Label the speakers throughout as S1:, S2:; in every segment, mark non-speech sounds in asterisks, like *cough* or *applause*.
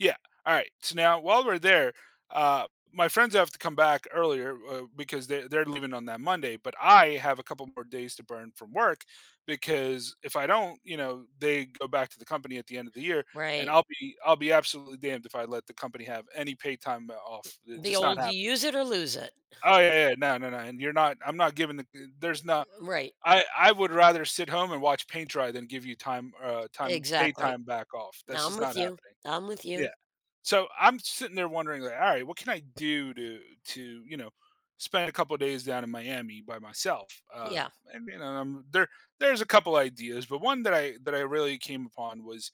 S1: Yeah, alright, so now, while we're there, uh, my friends have to come back earlier, uh, because they they're leaving on that Monday, but I have a couple more days to burn from work because if I don't, you know, they go back to the company at the end of the year, and
S2: Right.
S1: I'll be I'll be absolutely damned if I let the company have any paid time, uh, off, eh,
S2: The
S1: just not
S2: old, "You
S1: happening
S2: use it or lose it."
S1: Oh,
S2: *scoffs*
S1: yeah, yeah. No, no, no, and you're not I'm not giving the uh, there's no
S2: Right.
S1: I I would rather sit home and watch paint dry than give you time
S2: E
S1: er, time paid
S2: exactly.
S1: time back off. That's
S2: I'm
S1: just
S2: with
S1: not
S2: you,
S1: happening.
S2: I'm with
S1: Yeah.
S2: you.
S1: So, I'm sitting there wondering, "Alright, what can I do do to, you know, spend a couple of days down in Miami by myself?" Uh,
S2: Yeah.
S1: and then, um, there there's a couple ideas, but one that I that I really came upon was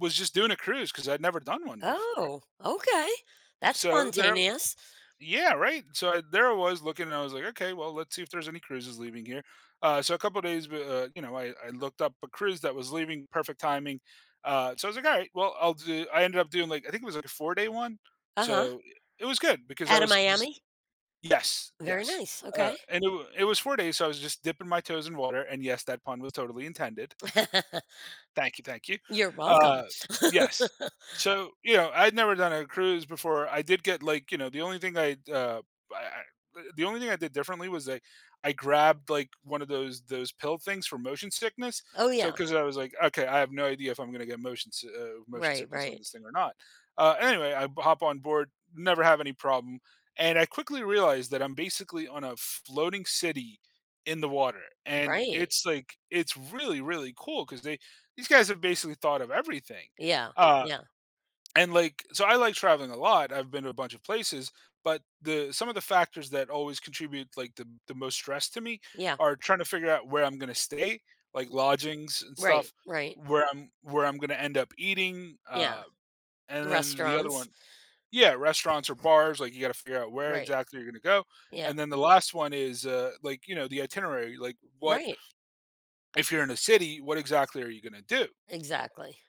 S1: was just doing a cruise 'cause I'd never done one before.
S2: Oh, okay, that's
S1: So, there
S2: spontaneous.
S1: Yeah, right? So, I There I was, looking, and I was like, "Okay, well, let's see if there's any cruises leaving here." Uh, so a couple days bu uh, you know, I I looked up a cruise that was leaving, perfect timing. Uh, so I was like, "Alright, well, I'll do" I ended up doing, like, think it was, like, a four-day one.
S2: Uh-huh.
S1: So, eh, it was good because I
S2: Outta
S1: was just
S2: Miami?
S1: Yes,
S2: Very
S1: yes,
S2: nice,
S1: uh,
S2: okay.
S1: and it wa it was 4 days, so I was just dipping my toes in water- and yes, that pun was totally intended.
S2: *laughs*
S1: Thank you, thank you.
S2: You're welcome.
S1: Uh, yes.
S2: *laughs*
S1: So, you know, I'd never done a cruise before. I did get, like, you know the only thing I'd, uh, b I I uh, the only thing I did differently was I I grabbed, like, one of those those pill things for motion sickness,
S2: Oh,
S1: so
S2: yeah.
S1: 'cause I was like, "Okay, I have no idea if I'm gonna get motion si oh, motion
S2: Right,
S1: sickness on
S2: right.
S1: this thing, or not." Uh, anyway, I b hop on board, never have any problem, and I quickly realized that I'm basically on a floating city in the water, and
S2: Right.
S1: it's like it's really, really cool 'cause they These guys have basically thought of everything.
S2: Yeah,
S1: Uh,
S2: yeah.
S1: and, like So I like traveling a lot. I've been to a bunch of places, but the some of the factors that always contribute, like, the the most stress to me
S2: Yeah.
S1: are tryna figure out where I'm gonna stay, like, lodgings and stuff,
S2: Right, right.
S1: where I'm where I'm gonna end up eating,
S2: Yeah.
S1: uh,
S2: The
S1: and then the other
S2: restaurants.
S1: one Yeah, restaurants or bars, like, you gotta figure out where
S2: Right.
S1: exactly you're gonna go,
S2: Yeah.
S1: and then the last one is, uh, like, you know, the itinerary, like,
S2: R
S1: what
S2: right.
S1: If you're in a city, what exactly are you gonna do?
S2: Exactly.